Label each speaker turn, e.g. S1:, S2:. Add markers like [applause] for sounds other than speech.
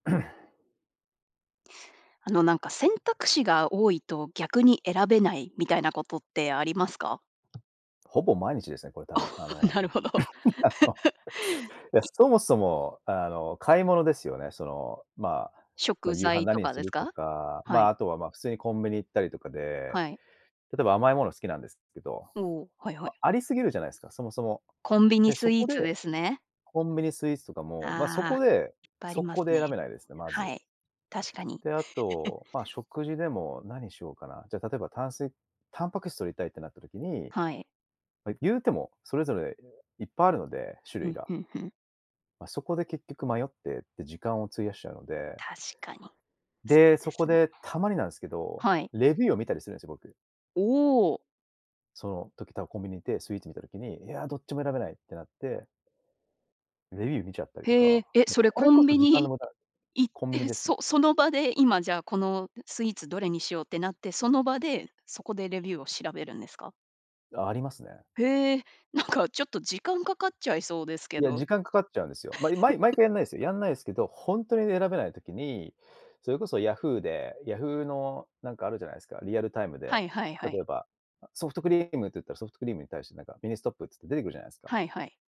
S1: [clears throat]
S2: あのなんか選択肢が多いと逆に選べないみたいなことってありますか？
S1: ほぼ毎日ですね、これ多分あの、
S2: なるほど。
S1: あの、
S2: [laughs]
S1: いや、
S2: い
S1: そもそもあの買い物ですよね、そのまあ。まあ
S2: 食
S1: 夕飯、
S2: 材と
S1: 何に
S2: か
S1: す
S2: です
S1: ると
S2: か？
S1: か、
S2: は
S1: まあ、
S2: い。
S1: あとはまあ普通にコンビニ行ったりとかで、
S2: はい。
S1: 例えば甘いもの好きなんですけど、
S2: おお、はいはい。
S1: ま、ありすぎるじゃないですか、そもそも。
S2: コンビニ
S1: で、そ
S2: スイー
S1: こで、
S2: ツですね。
S1: コンビニスイーツとかも、まあそ
S2: あ
S1: こ
S2: あ、
S1: で、
S2: いっぱいあり
S1: 速
S2: ます
S1: 攻で
S2: ね。
S1: 選べないですね、ま
S2: は
S1: ず。
S2: い。確かに。
S1: で、あと、ま
S2: [chuckles]
S1: 食事でも何しようかな、じゃ例えば、炭水タンパク質摂りたいってなった時に、
S2: はい。
S1: ま、言うても、それぞれいっぱいあるので、種
S2: ふ
S1: 類
S2: ん
S1: が。
S2: ふんふん。
S1: ま、そこで結局迷って、で、時間を費やしちゃうので。
S2: 確かに。そ
S1: で、
S2: うで
S1: そこ
S2: すね。
S1: でたまになんすけど、
S2: はい。
S1: レビューを見たりするんですよ、僕。
S2: おお。
S1: その時、多分コンビニ行ってスイーツ見た時に、いや、どっちも選べないってなって。レビュー見ちゃったりと
S2: へ
S1: か、
S2: え、え、
S1: もう
S2: それ
S1: これ
S2: コ
S1: こ
S2: ン
S1: そ
S2: ビ
S1: 時間の
S2: ニ
S1: 無駄
S2: 行っ
S1: コンビニ
S2: て、
S1: ですね。
S2: そその場で今じゃあこのスイーツどれにしようってなって、その場で、そこでレビューを調べるんですか？
S1: ありますね。
S2: へえ、なんかちょっと時間かかっちゃいそうですけ
S1: いや、
S2: ど。
S1: 時間かかっちゃうんですよ。まあ、い毎
S2: [chuckles]
S1: 回やんないですよ。やんないですけど、ほんとに選べない時に、それこそヤフーで、ヤフーのなんかあるじゃないですか、リアルタイム
S2: は
S1: で。
S2: いはいはい。
S1: 例えば、あ、ソフトクリームって言ったらソフトクリームに対してなんかミニストップって言って出てくるじゃないですか。
S2: はいはい。